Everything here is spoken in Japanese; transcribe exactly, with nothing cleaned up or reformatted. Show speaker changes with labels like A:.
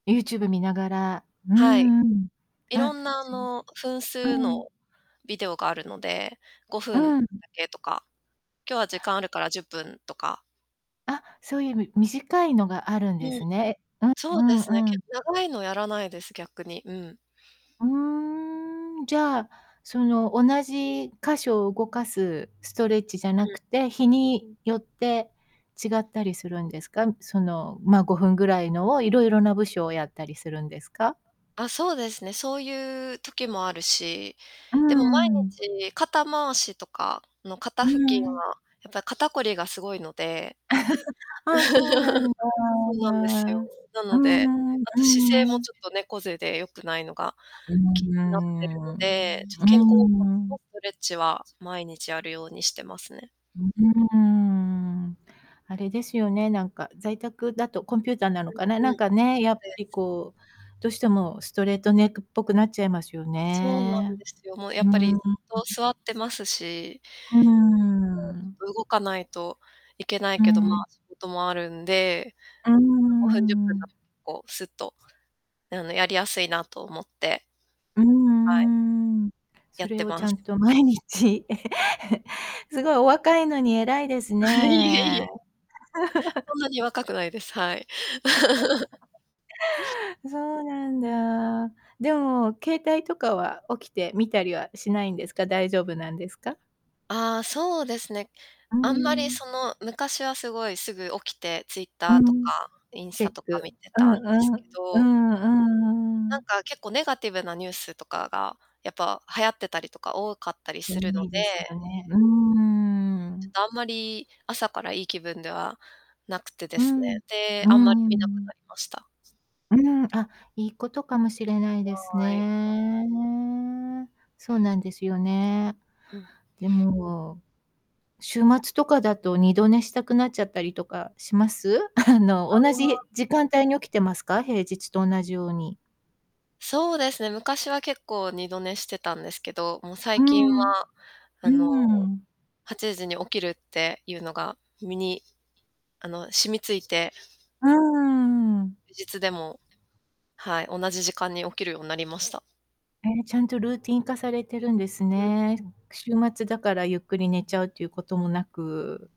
A: YouTube 見ながら、うー
B: はい、
A: ん、うん、
B: いろ
A: あ、
B: んなあ
A: そう、
B: の、分数
A: うん。
B: のビデオがあるので、ごふんだ
A: うん。
B: けとか、今日は時間あるからじゅっぷんとか
A: あ、そういうみ短いのがあるんで
B: うん。
A: すね。うん
B: そうで
A: う
B: すね、
A: んう
B: け
A: ん。
B: 長いのやらないです、逆に。うん。
A: うーん、じゃあ、その、同じ箇所を動かすストレッチじゃな
B: う
A: く
B: ん。
A: て、日によって違ったりするんですかん？その、まあ、ごふんぐらいのを、いろいろな部署をやったりするんですか？
B: あ、そうですね。そういう時もあるし。
A: う
B: でも毎
A: んうん。
B: 日、肩回しとかの肩
A: う
B: 付近
A: んう
B: は、
A: ん。
B: やっぱり肩こりが 凄いので。
A: ああ、そうな んだ。
B: そうなんですよ。な
A: う
B: ので、
A: ん、う
B: あと姿勢も
A: ん。
B: ちょっと猫背で良くないのが
A: う
B: 気
A: ー
B: になってるの
A: ん、う
B: で、ちょっと
A: ー
B: 肩甲骨
A: ん。
B: のストレッチは毎日やるようにしてますね。
A: うーん。あれですよね、なんか在宅だとコンピューターなのかな、
B: うん、
A: な
B: う
A: ん
B: ん。
A: かね、
B: そう
A: やっぱ
B: で
A: り
B: す。
A: こう、どうしてもストレートネックっぽくなっちゃいますよ
B: そうなんで
A: ね。
B: すよ。もうや
A: う
B: っ
A: ー
B: ぱり
A: ん。う
B: ずっと座ってますし
A: ーん。
B: 動かないといけない
A: う
B: けど、ま
A: ん。
B: あ、仕事もあるんで、
A: うー
B: ごふんじゅっぷんだ
A: ん。
B: とこう、すっと、あの、やりやすい なと思って。
A: う
B: はい。
A: んうん。
B: や
A: そ
B: っ
A: れ
B: て
A: をち
B: ま
A: ゃ
B: す。
A: んと毎日 すごい、お若いのに偉いです
B: あ、いえい
A: ね。
B: え。そ んなに若くないです。はい。
A: そうなんだ。でも、携帯とかは起きて見たりはしないんですか？大丈夫なんですか？
B: ああ、そうですね。
A: うー
B: あんまりそ
A: ん。
B: の、昔はすごいすぐ起きて、
A: う
B: Twitter とか
A: ん。
B: インス
A: チェ
B: タ
A: ッ
B: とか
A: ク。
B: 見て
A: う
B: た
A: ん
B: んです
A: う
B: け
A: ん、う
B: ど
A: んうん
B: な
A: う
B: ん
A: ん。
B: かけっこうネガティブなニュースとかが、やっぱ流行ってたりとか多かったり
A: 多
B: するの
A: いですよ
B: で
A: ね。うー
B: ちょっ
A: ん。
B: とあんまり朝からいい気分ではなくてで
A: う
B: すね。
A: ん、
B: で、
A: うー
B: あんまり見なく
A: ん。
B: なりました。
A: うん、あ、いいことかもしれないです
B: はい。
A: ね。そうなんですよね。
B: うん。
A: でも、週末とかだと、二度寝したくなっちゃったりとかします？あの
B: あ
A: 同じ
B: あ。
A: 時間帯に起きてますか？平日と同じように。
B: そうですね、昔は結構二度寝してたんですけど、もう
A: う
B: 最近
A: ん、
B: はあ
A: う
B: の、
A: ん。
B: はちじに起きるっていうのが身に、
A: ち
B: あの、染み付いて
A: うーん。
B: 休日でも、はい、同じ時間に起きるようになりました。
A: ね、ちゃんとルーティン化されてるんです
B: うん。
A: ね。週末だからゆっくり寝ちゃうっていうこともなく。